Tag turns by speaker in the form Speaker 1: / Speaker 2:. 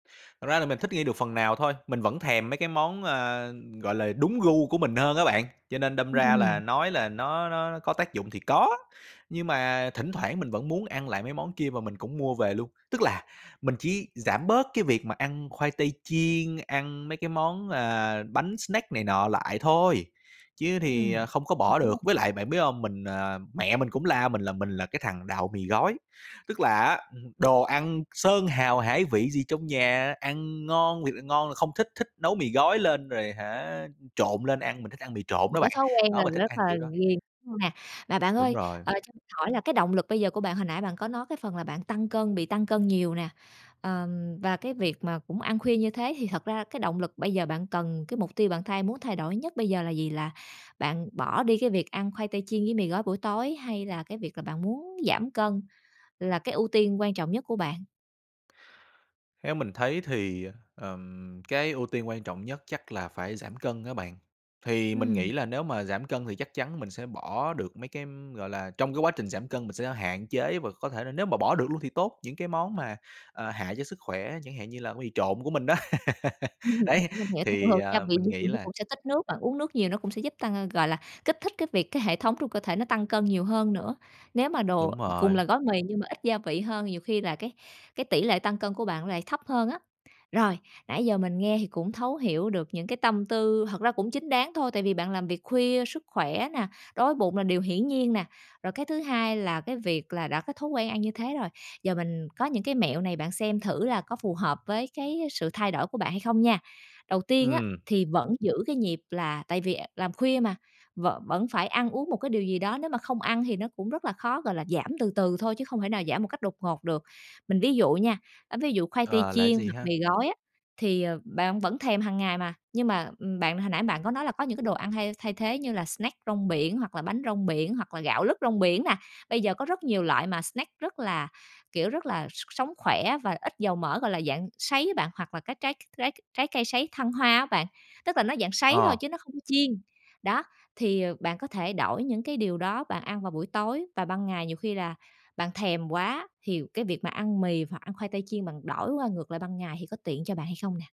Speaker 1: Thật ra là mình thích nghi được phần nào thôi, mình vẫn thèm mấy cái món, ờ, gọi là, đúng gu của mình hơn á bạn. Cho nên đâm ra là
Speaker 2: Ừm.
Speaker 1: nói là nó nó có tác dụng thì có, nhưng mà thỉnh thoảng mình vẫn muốn ăn lại mấy món kia mà mình cũng mua về luôn. Tức là mình chỉ giảm bớt cái việc mà ăn khoai tây chiên, ăn mấy cái món, ờ, bánh snack này nọ lại thôi, chứ
Speaker 2: Ừm.
Speaker 1: thì, ờ, không có
Speaker 2: Mình
Speaker 1: bỏ
Speaker 2: hiểu
Speaker 1: được.
Speaker 2: nè.
Speaker 1: Với lại bạn biết hông, mình à, mẹ mình cũng la mình là mình là cái thằng đạo mì gói, tức là á, ừm hừm, đồ ăn sơn hào hải vị gì trong nhà, ăn ngon, thiệt là ngon là không thích, thích nấu mì gói lên rồi hả trộn lên ăn, mình thích ăn mì trộn
Speaker 2: Một
Speaker 1: đó
Speaker 2: cái
Speaker 1: bạn,
Speaker 2: thói quen là
Speaker 1: đó mình thích
Speaker 2: rất
Speaker 1: ăn
Speaker 2: là
Speaker 1: kiểu đó.
Speaker 2: ghiền hông nè? Mà bạn
Speaker 1: Đúng
Speaker 2: ơi,
Speaker 1: rồi.
Speaker 2: ờ, cho mình hỏi là cái động lực bây giờ của bạn, hồi nãy bạn có nói cái phần là bạn tăng cân, bị tăng cân nhiều nè, ờm, và cái việc mà cũng ăn khuya như thế thì thật ra cái động lực bây giờ bạn cần, cái mục tiêu bạn thay muốn thay đổi nhất bây giờ là gì? Là bạn bỏ đi cái việc ăn khoai tây chiên với mì gói buổi tối hay là cái việc là bạn muốn giảm cân là cái ưu tiên quan trọng nhất của bạn?
Speaker 1: Theo mình thấy thì, ờm, cái ưu tiên quan trọng nhất chắc là phải giảm cân á bạn. Thì mình
Speaker 2: Ừm.
Speaker 1: nghĩ là nếu mà giảm cân thì chắc chắn mình sẽ bỏ được mấy cái, gọi là, trong cái quá trình giảm cân mình sẽ hạn chế vừa có thể là nếu mà bỏ được luôn thì tốt, những cái món mà, à, hại cho sức khỏe, chẳng hạn như là mì trộn của mình đó.
Speaker 2: Ừm
Speaker 1: Đấy,
Speaker 2: [unintelligible] mình hiểu tại thường
Speaker 1: thì,
Speaker 2: thường gia
Speaker 1: ờ,
Speaker 2: vị
Speaker 1: mình
Speaker 2: dư [unintelligible] thì
Speaker 1: nghĩ
Speaker 2: nó
Speaker 1: là
Speaker 2: cũng sẽ tích nước, bạn uống nước nhiều nó cũng sẽ giúp tăng [unintelligible] gọi là, kích thích cái việc cái hệ thống trong cơ thể nó tăng cân nhiều hơn nữa. Nếu mà đồ
Speaker 1: Đúng
Speaker 2: cùng
Speaker 1: rồi.
Speaker 2: là gói mì nhưng mà ít gia vị hơn nhiều khi là cái cái tỉ lệ tăng cân của bạn nó lại thấp hơn á. Rồi, nãy giờ mình nghe thì cũng thấu hiểu được những cái tâm tư, thật ra cũng chính đáng thôi tại vì bạn làm việc khuya, sức khỏe nè, đói với bụng là điều hiển nhiên nè. Rồi cái thứ hai là cái việc là đã có thói quen ăn như thế rồi, giờ mình có những cái mẹo này bạn xem thử là có phù hợp với cái sự thay đổi của bạn hay không nha. Đầu tiên á,
Speaker 1: Ừm.
Speaker 2: thì vẫn giữ cái nhịp là tại vì, à, làm khuya mà, vẫn vẫn phải ăn uống một cái điều gì đó, nếu mà không ăn thì nó cũng rất là khó, gọi là, giảm từ từ thôi chứ không thể nào giảm một cách đột ngột được. Mình ví dụ nha, ơ, ví dụ khoai tây
Speaker 1: Ờ, là cái
Speaker 2: chiên
Speaker 1: gì
Speaker 2: hoặc
Speaker 1: ha?
Speaker 2: mì gói á, thì, ờ, bạn vẫn thèm hằng ngày mà, nhưng mà, ừm, bạn hồi nãy bạn có nói là có những cái đồ ăn thay thay thế như là snack rong biển hoặc là bánh rong biển, hoặc là gạo lứt rong biển nè. Bây giờ có rất nhiều loại mà snack rất là, kiểu, rất là, s sống khỏe và ít dầu mỡ, gọi là, dạng sấy á bạn, hoặc là các trái trái trái cây sấy thăng hoa á bạn, tức là nó dạng sấy thôi
Speaker 1: Ờ.
Speaker 2: chứ nó không chiên. Đó, thì, ờ, bạn có thể đổi những cái điều đó bạn ăn vào buổi tối và ban ngày nhiều khi là bạn thèm quá thì cái việc mà ăn mì hoặc ăn khoai tây chiên bạn đổi qua ngược lại ban ngày thì có tiện cho bạn hay không nè?